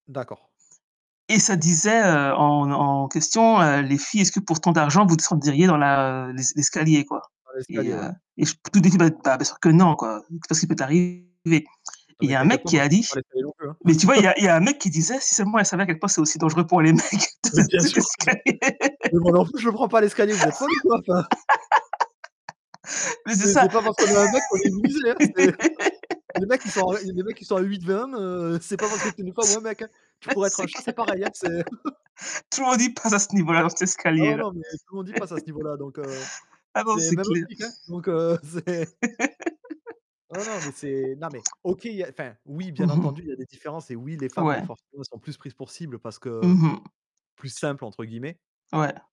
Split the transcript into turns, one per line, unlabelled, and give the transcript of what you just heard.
D'accord.
Et ça disait, heu, en en question, heu: «Les filles, est-ce que pour tant d'argent vous descenderiez dans la l'es l'escalier, quoi?»
Dans
Et
l'escalier, ouais.
heu et je [unintelligible] dis que bah bah, bien sûr que non quoi. Tu sais pas ce qu'il peut arriver et
Non
il
mais
y a un
t'inquiète
mec
pas,
qui
moi
a
je descends
dit
pas l'escalier non plus, hein.
mais tu vois, il y a il y a un mec qui disait: «Si seulement elle savait à quel point c'est aussi dangereux pour les mecs
Mais
[unintelligible]
bien
cet
sûr, t
escalier».
mais moi non plus je le prends pas l'escalier, vous êtes folles ou quoi? Enfin
Mais c'est
C'est
ça.
c'est pas parce qu'on est un mec qu'on est immunisé hein. C'est les mecs ils sont les mecs qui sont à 8-20 hein, heu, c'est pas parce que tu es une femme
C
ou un mec. Tu pourrais être un
c'est
chat, c'est
clair.
pareil hein, c'est
Tout le monde y passe à ce niveau-là, dans cet
Ah ouais,
escalier-là.
non, mais tout le monde y passe à ce niveau-là donc, heu,
Ah non,
c'est
c'est
même
clair.
optique hein donc heu, c'est Non, non mais c'est non mais OK, il y a, enfin, oui bien
Mmh mh.
entendu, il y a des différences et oui, les femmes, bah
Ouais.
forcément, elles sont plus prises pour cible parce que
Mmh mh.
«plus simple» entre guillemets.
Ouais.